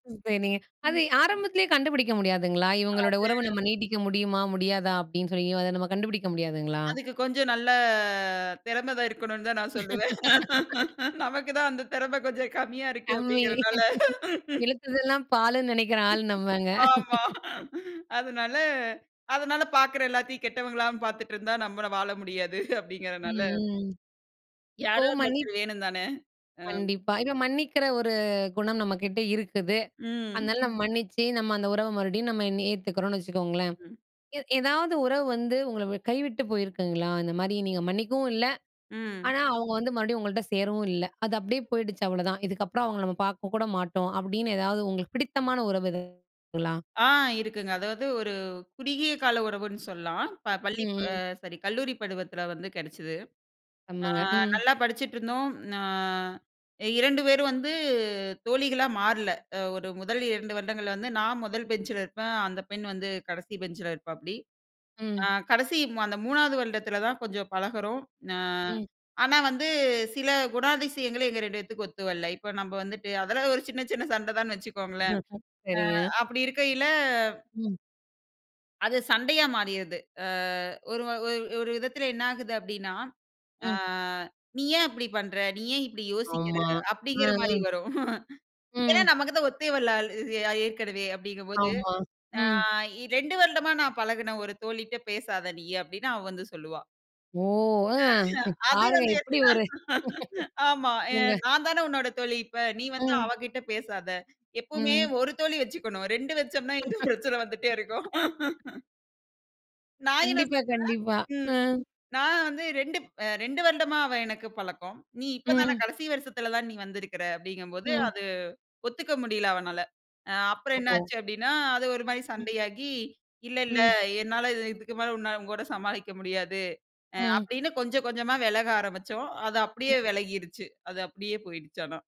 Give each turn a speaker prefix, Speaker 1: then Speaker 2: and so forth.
Speaker 1: [unintelligible] .அது
Speaker 2: ம்.
Speaker 1: ஆரம்பத்திலேயே கண்டுபிடிக்க முடியாதுங்களா? இவுங்களோட உறவு
Speaker 2: அதே.
Speaker 1: நம்ம நீட்டிக்க முடியுமா? முடியாதா? அப்படின்னு சொல்லி அத நம்ம கண்டுபிடிக்க முடியாதுங்களா?
Speaker 2: அதுக்கு கொஞ்சம் நல்ல திறம தான் இருக்கணுனு தான் நான் சொல்லுவேன். நமக்கு தான் அந்த திறமை கொஞ்சம் கம்மியா இருக்கு
Speaker 1: அம்மி.
Speaker 2: அப்படிங்கிறனால
Speaker 1: இழுத்ததெல்லாம் பாலுன்னு நினைக்கிற ஆள் நம்பங்க.
Speaker 2: ஆமா. அதுனால அதுனால பாக்கிற எல்லாத்தையும் கெட்டவங்களா பாத்துட்டு இருந்தா நம்மள வாழ முடியாது, அப்படிங்கிறனால
Speaker 1: ம், ம். இப்போ
Speaker 2: யாராவது
Speaker 1: மன்னி
Speaker 2: ஒருத்தர் வேணுந்தான. அம்.
Speaker 1: கண்டிப்பா. இப்ப மன்னிக்கிற ஒரு குணம் நம்ம கிட்ட இருக்குது.
Speaker 2: ம்.
Speaker 1: அதனால நம்ம மன்னிச்சி, நம்ம அந்த உறவ மறுபடியும் நம்ம இன்னி ஏத்துக்கறோனு வச்சுக்கோங்களேன்.
Speaker 2: ம்.
Speaker 1: எ எதாவது உறவு வந்து உங்களை கைவிட்டு போயிருக்குங்களா? இந்த மாதிரி நீங்க மன்னிக்கவும் இல்ல.
Speaker 2: ம்.
Speaker 1: ஆனா, அவுங்க வந்து மறுபடியும் உங்கள்ட்ட சேரவும் இல்ல. அது அப்படியே போயிடுச்சு அவ்வளதான். இதுக்கப்புறம் அவுங்கள நம்ம பாக்க கூட மாட்டோம் அப்படின்னு எதாவது உங்களுக்கு பிடித்தமான உறவு எதா களா?
Speaker 2: ஆ, இருக்குங்க. அதாவது ஒரு குறுகிய கால உறவுன்னு சொல்லலாம். ப பள்ளி,
Speaker 1: ம்,
Speaker 2: அ
Speaker 1: ம்.
Speaker 2: சாரி, கல்லூரி பருவத்தில வந்து கெடைச்சது. ஆ
Speaker 1: ஆமங்க. ம்.
Speaker 2: நல்லா படிச்சுட்ருந்தோம். ஆ. 2 பேரும் வந்து தோழிகளா மாறல, அ ஒரு 1 2 வருடங்கள்ல வந்து நான் 1 பெஞ்சில இருப்பேன், அந்த பெண் வந்து கடைசி பெஞ்சில இருப்பாப்படி. அ
Speaker 1: ம்.
Speaker 2: கடைசி அந்த 3வது வருடத்தில தான் கொஞ்சம் பழகுறோம். அ,
Speaker 1: ம்.
Speaker 2: ஆனா வந்து சில குணாதிசயங்கள் எங்க 2 பேத்துக்கும் ஒத்து வல்ல. இப்ப நம்ம வந்துட்டு, அதெல்லாம் ஒரு சின்ன சின்ன சண்ட தான்னு வச்சுக்கோங்களேன்.
Speaker 1: ஹ்ஹ, சரிங்க.
Speaker 2: அ. அப்படி இருக்கையில
Speaker 1: ம்.
Speaker 2: அது சண்டையா மாறிடுது. அ ஒரு வ ஒரு ஒரு விதத்தில என்ன ஆகுது அப்படினா, ஆ,
Speaker 1: ம்.
Speaker 2: நீ ஏன் அப்படி பண்ற? நீ ஏன் இப்படி யோசிக்கிற?
Speaker 1: ஆமா. அ,
Speaker 2: அப்படிங்கிற மாரி
Speaker 1: அ.
Speaker 2: வரும். ஏன்னா
Speaker 1: ம்.
Speaker 2: நமக்கு தான் ஒத்தே வல்ல அல் ஏற்கனவே அப்படிங்கும் போது,
Speaker 1: ஆமா.
Speaker 2: அ
Speaker 1: ம்.
Speaker 2: இ 2 வருடமா நான் பழகுன ஒரு தோழி கிட்ட பேசாத நீயி, அப்படின்னு அவ வந்து சொல்லுவா.
Speaker 1: ஓ! ஆ.
Speaker 2: ஆஹே, அது
Speaker 1: பாருங்க
Speaker 2: வந்து ஏத்த.
Speaker 1: எப்படி ஒரு,
Speaker 2: ஆமா. எ
Speaker 1: உங்க
Speaker 2: நான் தான உன்னோட தோழி இப்ப. நீ வந்து
Speaker 1: ம்.
Speaker 2: அவ கிட்ட பேசாத. எப்போமே
Speaker 1: ம்.
Speaker 2: 1 தோழி வெச்சிகணும். 2 வெச்சொம்னா, இந்த பிரச்சன வந்துட்டே இருக்கும். நா என்னா
Speaker 1: கண்டிப்பா,
Speaker 2: சொல்லுவேன்?
Speaker 1: கண்டிப்பா.
Speaker 2: ம்.
Speaker 1: அ.
Speaker 2: நான் வந்து 2ப்- 2 வருடமா அவ எனக்கு பழக்கம். நீ இப்ப தான
Speaker 1: ம்.
Speaker 2: வருஷத்தில தான் நீ வந்திருக்கிற, அப்படிங்கம்போது
Speaker 1: ம்.
Speaker 2: அது ஒத்துக்க முடியல அவனால. அ அப்புறம் என்ன
Speaker 1: ஓ.
Speaker 2: ஆச்சு அப்படின்னா, அது ஒரு மாரி
Speaker 1: ம்.
Speaker 2: சண்டையாகி, இல்ல இல்ல
Speaker 1: ம்.
Speaker 2: என்னால இது இதுக்கு மேல உன்ன உன்கூட சமாளிக்க முடியாது, அ
Speaker 1: ம்.
Speaker 2: அப்படின்னு கொஞ்சம் கொஞ்சமா விலக ஆரம்பிச்சோம். அது அப்படியே
Speaker 1: ம்.
Speaker 2: விலகிடுச்சு. அது அப்படியே போயிடுச்சு ஆனா